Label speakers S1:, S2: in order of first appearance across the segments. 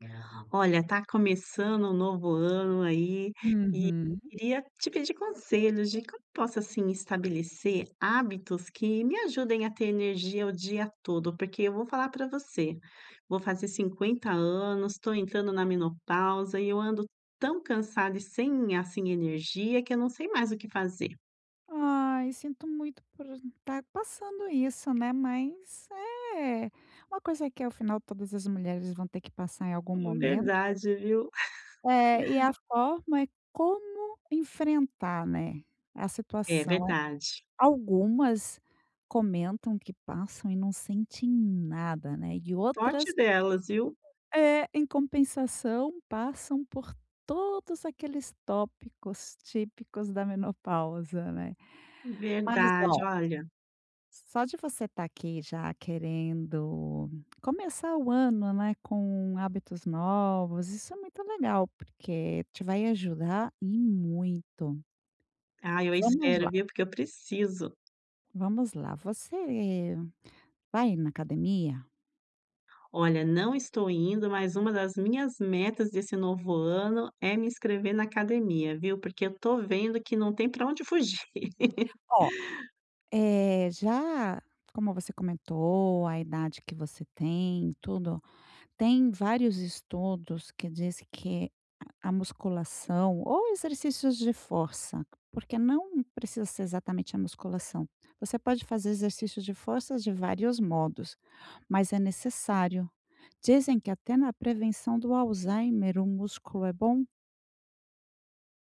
S1: [unintelligible] Olha, tá começando um novo ano aí, e
S2: Uhum.
S1: queria te pedir conselhos, de como posso, assim, estabelecer hábitos que me ajudem a ter energia o dia todo? Porque eu vou falar pra você. Vou fazer 50 anos, tô entrando na menopausa e eu ando tão cansada e sem, assim, energia, que eu não sei mais o que fazer.
S2: Ai, sinto muito por tá passando isso, né. Mas, é uma coisa que afinal todas as mulheres vão ter que passar em algum momento.
S1: Verdade, viu.
S2: É, e a forma é como enfrentar, né, a
S1: É
S2: situação. Eh,
S1: verdade.
S2: algumas comentam que passam e não sente nada, né. E outras
S1: Sorte delas, viu.
S2: É. Em compensação, passam por todos aqueles tópicos típicos da menopausa, né. Mas,
S1: Verdade,
S2: oh
S1: olha.
S2: só de você tá aqui, já querendo começar o ano, né, com hábitos novos, isso é muito legal, porque te vai ajudar e muito.
S1: Ah, eu
S2: Vamos
S1: espero,
S2: lá!
S1: viu. Porque eu preciso.
S2: Vamos lá! Você vai na academia?
S1: Olha, não estou indo, mas uma das minhas metas, desse novo ano, é me inscrever na academia, viu. Porque eu tô vendo que não tem para onde fugir.
S2: Oh, eh, já como você comentou a idade que você tem e tudo. Tem vários estudos que disse que a musculação ou exercícios de força, porque não precisa ser exatamente a musculação. Você pode fazer exercícios de forças de vários modos, mas é necessário. Dizem que até na prevenção do Alzheimer o músculo é bom!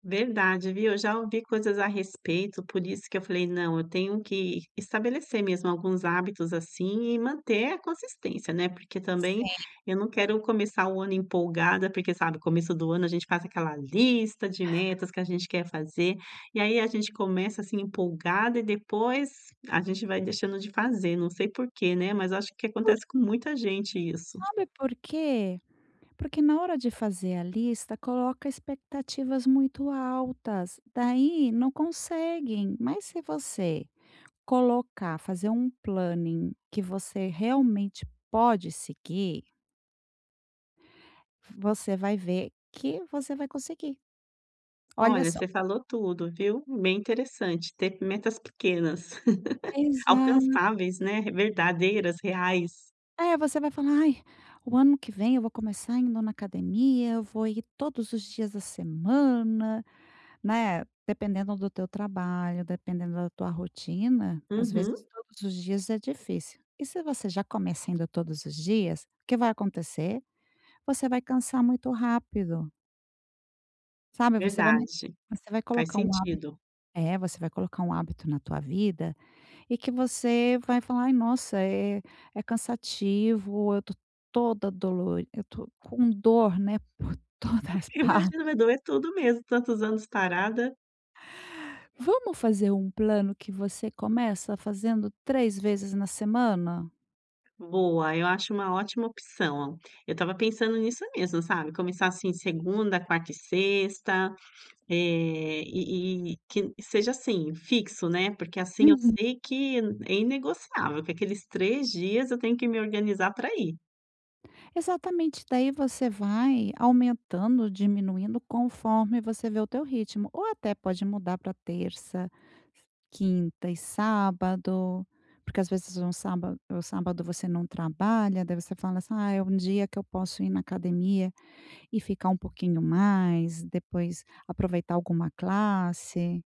S1: Verdade, viu? Eu já ouvi coisas a respeito, por isso que eu falei: “Não! Eu tenho que estabelecer mesmo alguns hábitos, assim, e manter a consistência, né?” Porque também
S2: Sim.
S1: eu não quero começar o ano empolgada, porque, sabe, começo do ano a gente faz aquela lista de metas que a gente quer fazer, e aí a gente começa, assim, empolgada e depois a gente vai deixando de fazer, não sei por quê, né? Mas acho que
S2: Por
S1: acontece com muita gente isso.
S2: Sabe por quê? Porque na hora de fazer a lista coloca expectativas muito altas, daí não conseguem, mas se você colocar, fazer um planning que você realmente pode seguir você vai ver que você vai conseguir. Olha
S1: Olha,
S2: só!
S1: você falou tudo, viu? Bem interessante ter m metas pequenas,
S2: Exa
S1: alcançáveis, né? Verdadeiras, reais.
S2: Eh, você vai falar: “Ai, o ano que vem eu vou começar indo na academia, eu vou ir todos os dias da semana.”, né? Dependendo do teu trabalho, dependendo da tua rotina, às vezes
S1: Uhum.
S2: todos os dias é difícil. E se você já começa indo todos os dias, o que vai acontecer? Você vai cansar muito rápido. Sabe, você vai me
S1: Verdade.
S2: você vai um
S1: Faz
S2: colocar hábit
S1: sentido.
S2: é, você vai colocar um hábito na tua vida, e que você vai falar: "Ai, nossa, é é cansativo, eu tô toda dolo eu tô com dor, né, por todas as partes.".
S1: Imagina, vai doer tudo mesmo, tantos anos parada.
S2: Vamos fazer um plano, que você começa fazendo 3 vezes na semana?
S1: Boa, eu acho uma ótima opção. Eu estava pensando nisso mesmo, sabe. Começar, assim, segunda, quarta e sexta. Eh, e e quin seja assim fixo, né, porque assim eu
S2: Uhum.
S1: sei que é inegociável que aqueles 3 dias eu tenho que me organizar pra ir.
S2: Exatamente, daí você vai aumentando ou diminuindo, conforme você vê o teu ritmo. Ou até pode mudar pra terça, s quinta e sábado. Porque às vezes um sábado o sábado você não trabalha, daí você fala: "Ah, é um dia que eu posso ir na academia, e ficar um pouquinho mais, depois aproveitar alguma classe.".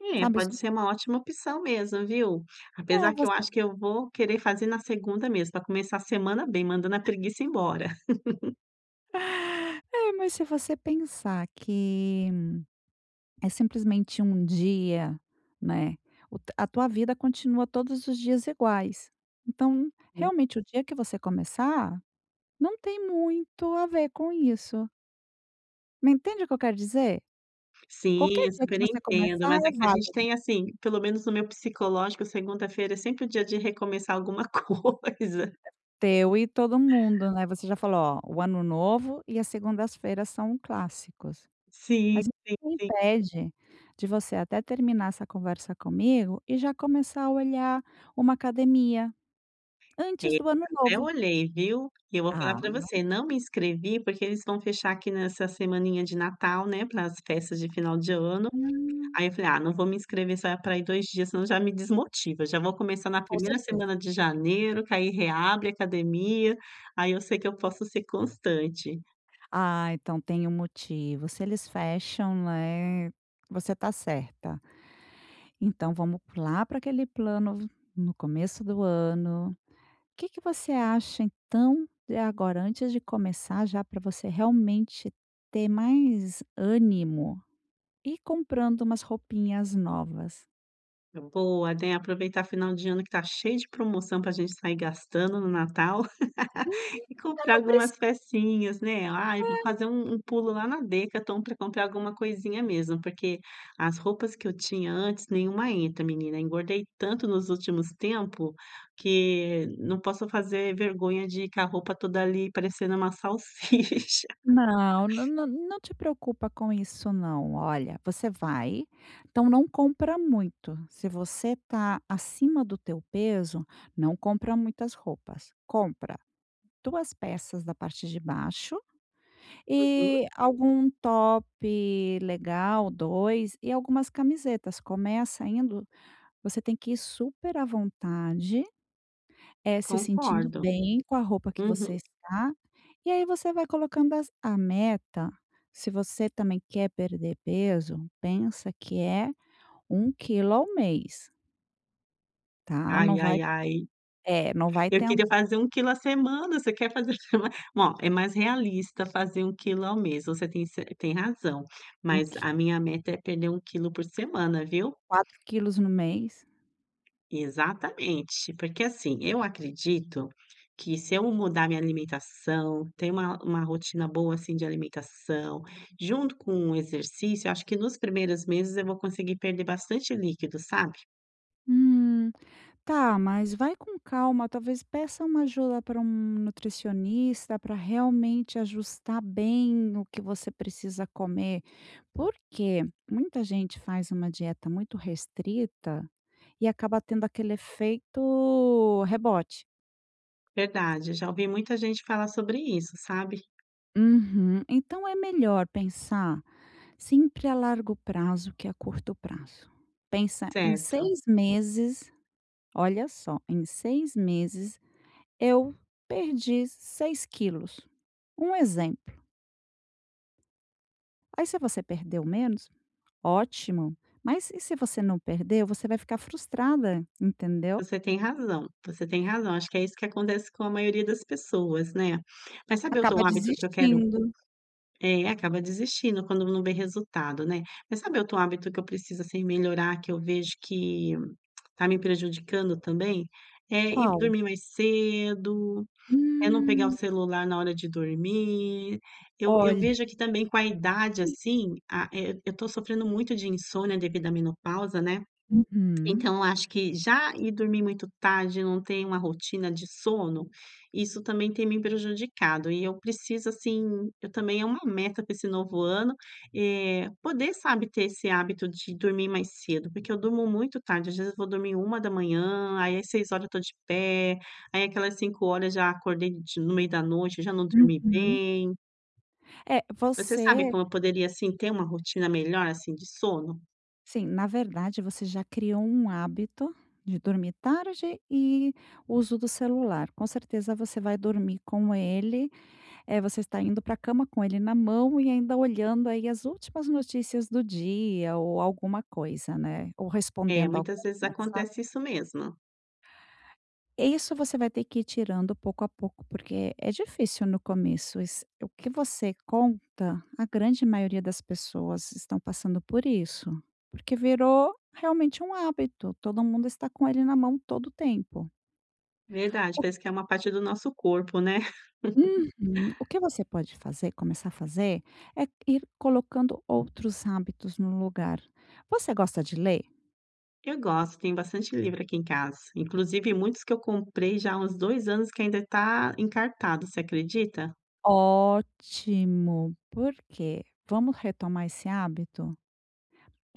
S1: É,
S2: Sabe
S1: pode
S2: isso
S1: ser uma ótima opção mesmo, viu. Apesar
S2: É,
S1: que eu
S2: você
S1: acho que eu vou fazer na segunda mesmo, pra começar a semana bem, mandando a preguiça embora.
S2: É, mais se você pensar que é, simplesmente, um dia, né. O t a tua vida continua todos os dias iguais. Então,
S1: Hum.
S2: realmente o dia que você começar, não tem muito a ver com isso. Me entende o que eu quero dizer?
S1: Sim,
S2: Qualquer
S1: eu
S2: dia que
S1: super
S2: você
S1: entendo,
S2: começar
S1: mas
S2: é
S1: é que a gente
S2: válido.
S1: tem assim pelo menos no meu psicológico, segunda-feira é sempre o dia de recomeçar alguma coisa.
S2: Teu e todo mundo, né? Você já falou: "Oh, o ano novo e a segundas-feiras são clássicos.",
S1: Sim,
S2: mas o
S1: sim,
S2: que
S1: sim.
S2: impede de você até terminar essa conversa comigo e já começar a olhar uma academia, antes
S1: Eh,
S2: do ano
S1: até
S2: novo.
S1: olhei, viu? E eu vou falar
S2: Ah
S1: pra
S2: [unintelligible]
S1: você, não me inscrevi porque eles vão fechar aqui nessa semaninha de Natal, né, pra as festas de final de ano. Aí
S2: Hum!
S1: eu falei: "Ah, não vou me inscrever só vai pra ir 2 dias, senão já me desmotiva, já vou começar na
S2: Com
S1: primeira
S2: certeza.
S1: semana de janeiro, que aí reabre academia, aí eu sei que eu posso ser constante.
S2: Ah, então tem um motivo se eles fecham, né, você tá certa. Então vamos p lá pra aquele plano, no começo do ano Que que você acha então, de agora antes de começar já, pra você realmente ter mais ânimo, ir comprando umas roupinhas novas?
S1: Boa, tem aproveitar final de ano que tá cheio de promoção, pra gente sair gastando no natal
S2: Uhum,
S1: e
S2: eu
S1: comprar
S2: não preci
S1: algumas pecinhas, né. Ai, vou
S2: É.
S1: fazer um um pulo lá na Decathlon, pra comprar alguma coisinha mesmo, porque as roupas que eu tinha antes, nenhuma entra, menina. Engordei tanto nos últimos tempos, que não posso fazer vergonha de que a roupa toda ali, parecendo uma salsicha.
S2: Não, nã nã não te preocupa com isso, não. Olha, você vai, então não compra muito, se você tá acima do teu peso, não compra muitas roupas. Compra 2 peças da parte de baixo,
S1: Uhum.
S2: e algum top legal, 2, e algumas camisetas. Começa indo, você tem que ir super à vontade, eh, se sentindo
S1: Concordo.
S2: bem com a roupa que você
S1: Uhum.
S2: está, e aí você vai colocando as a meta, se você também quer perder peso pensa que é 1 quilo ao mês. Tá. Não
S1: Ai
S2: vai
S1: ai ai.
S2: é não, vai
S1: Eu
S2: ten
S1: queria fazer 1 quilo à semana, você quer fazer olha, é mais realista fazer 1 quilo ao mês. Você tem ce tem razão,
S2: 1
S1: mas
S2: qui
S1: a minha meta é perder 1 quilo por semana, viu.
S2: 4 quilos no mês?
S1: Exatamente. Porque, assim, eu acredito que se eu mudar minha alimentação, ter uma uma rotina boa assim de alimentação, junto com o exercício, acho que, nos primeiros meses, eu vou conseguir perder bastante líquido, sabe.
S2: Hum. Tá, mas vai com calma, talvez, peça uma ajuda para um nutricionista, pra realmente ajustar bem o que você precisa comer. Por que? Muita gente faz uma dieta muito restrita e acaba tendo aquele efeito rebote.
S1: Verdade. Já ouvi muita gente falar sobre isso, sabe.
S2: Uhum. Então, é melhor pensar sempre a largo prazo, que a curto prazo. Pensa em
S1: Certo.
S2: 6 meses, olha só, em 6 meses, eu perdi 6 quilos. Um exemplo. Aí se você perdeu menos, ótimo. Mas, e se se você não perder, você vai ficar frustrada, entendeu?
S1: Você tem razão, você tem razão. Acho que é isso que acontece com a maioria das pessoas, né. Mas, sabe outro
S2: Acaba
S1: hábito que eu quero
S2: desistindo.
S1: é, acaba desistindo quando não vê resultado, né. Mas, sabe outro hábito que eu preciso assim melhorar, que eu vejo que tá me prejudicando também? É ir
S2: Qual?
S1: dormir mais cedo, é não pegar o
S2: Hum.
S1: celular na hora de dormir. Eu eu
S2: Olha.
S1: vejo que também com a idade,
S2: [unintelligible]
S1: assim, ah, eh, eu tô sofrendo muito de insônia, devido à menopausa, né.
S2: Uhum.
S1: Então, acho que já ir dormir muito tarde, eu não tenho uma rotina de sono, isso também tem me prejudicado e eu preciso, assim, eu também é uma meta para esse novo ano, eh, poder, sabe, ter esse hábito de dormir mais cedo, porque eu durmo muito tarde. Às vezes, eu vou dormir 1h, aí às 6h eu tô de pé, aí aquelas 5 já acordei de no meio da noite e já não dormi
S2: Uhum.
S1: bem.
S2: É,
S1: Você sabe
S2: você
S1: como eu poderia, assim, ter uma rotina melhor, assim, de sono?
S2: Sim, na verdade você já criou um hábito de dormir tarde e uso do celular, com certeza você vai dormir com ele eh, você está indo pra cama com ele na mão e ainda olhando aí as últimas notícias do dia, ou alguma coisa, né. Ou
S1: É,
S2: respondendo alguém
S1: muitas vezes
S2: no WhatsApp.
S1: acontece isso mesmo.
S2: E isso você vai ter que ir tirando, pouco a pouco, porque é difícil no começo. Iss o que você conta, a grande maioria das pessoas estão passando por isso. Porque virou realmente um hábito, todo mundo está com ele na mão todo o tempo.
S1: Verdade!
S2: O
S1: Parece que é um parte do nosso corpo, né?
S2: Uhum. O que você pode fazer começar a fazer, é ir colocando outros hábitos no lugar. Você gosta de ler?
S1: Eu gosto! Tem bastante livro aqui em casa. Inclusive
S2: Hum.
S1: muitos que eu comprei, já há uns 2 anos, que ainda tá encartado. Você acredita?
S2: Ótimo, por quê? Vamos retomar esse hábito?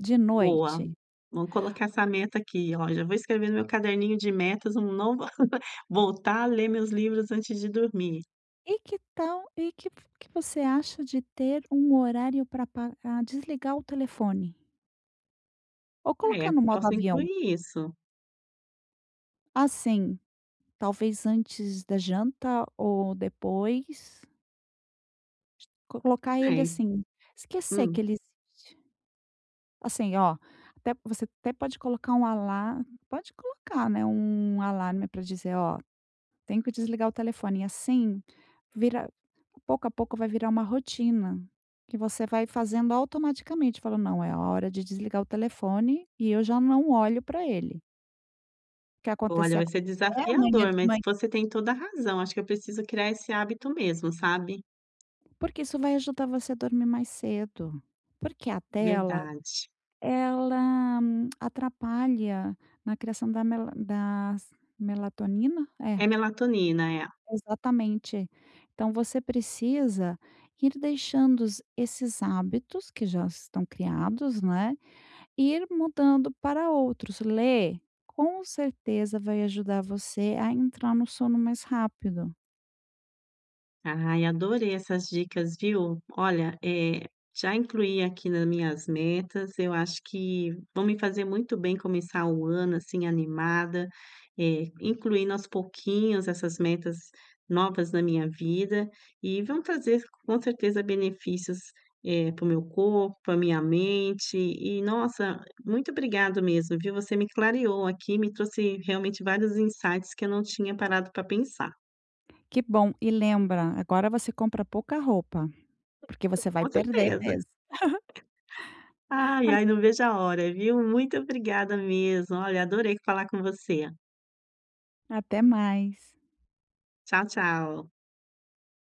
S2: De
S1: Boa,
S2: noite
S1: vou colocar essa meta aqui, olha, vou escrever no meu caderninho de metas, um novo a voltar a ler meus livros antes de dormir.
S2: E que tal e que v que você acha de ter um horário pra pa pra desligar o telefone ou
S1: É,
S2: colocar no modo
S1: posso
S2: avião?
S1: incluir isso.
S2: Assim, talvez antes da janta ou depois. Colocar ele
S1: É.
S2: assim, esquecer
S1: Hum.
S2: que ele existe. Assim oh, até você até pode colocar um alar pode colocar, né, um alarme, pra dizer: "Oh, tenho que desligar o telefone.". Assim, vira pouco a pouco, vai virar uma rotina, que você vai fazendo, automaticamente. Falando: "Não, é a hora de desligar o telefone e eu já não olho pra ele.". O que
S1: Olha,
S2: acontecer,
S1: vai
S2: aconteceu.
S1: ser
S2: É, amanhã
S1: desafiador,
S2: de ma
S1: mas você tem toda razão, acho que eu preciso criar esse hábito mesmo, sabe.
S2: Porque isso vai ajudar você a dormir mais cedo. Porque a tela,
S1: Verdade.
S2: ela atrapalha na criação da mela das melatonina?
S1: É
S2: É.
S1: melatonina, é.
S2: Exatamente. Então, você precisa ir deixando os esses hábitos, que já estão criados, né, ir mudando para outros. Ler, com certeza, vai ajudar você a entrar no sono mais rápido.
S1: Ai, adorei essas dicas, viu. Olha, eh, já incluí aqui na minhas metas, eu acho que vão me fazer muito bem, começar o ano assim animada, eh, incluindo aos pouquinhos essas metas novas na minha vida, e vão trazer, com certeza, benefícios, eh, para o meu corpo, pra minha mente e nossa, muito obrigado mesmo, viu. Você me clareou aqui, me trouxe realmente vários insights, que eu não tinha parado pra pensar.
S2: Que bom. E lembra, agora, você compra pouca roupa, porque você vai
S1: Com
S2: perder
S1: certeza.
S2: peso.
S1: Ai,
S2: [unintelligible]
S1: ai, não vejo a hora, viu. Muito obrigada mesmo. Olha, adorei falar com você.
S2: Até mais.
S1: Tchau, tchau.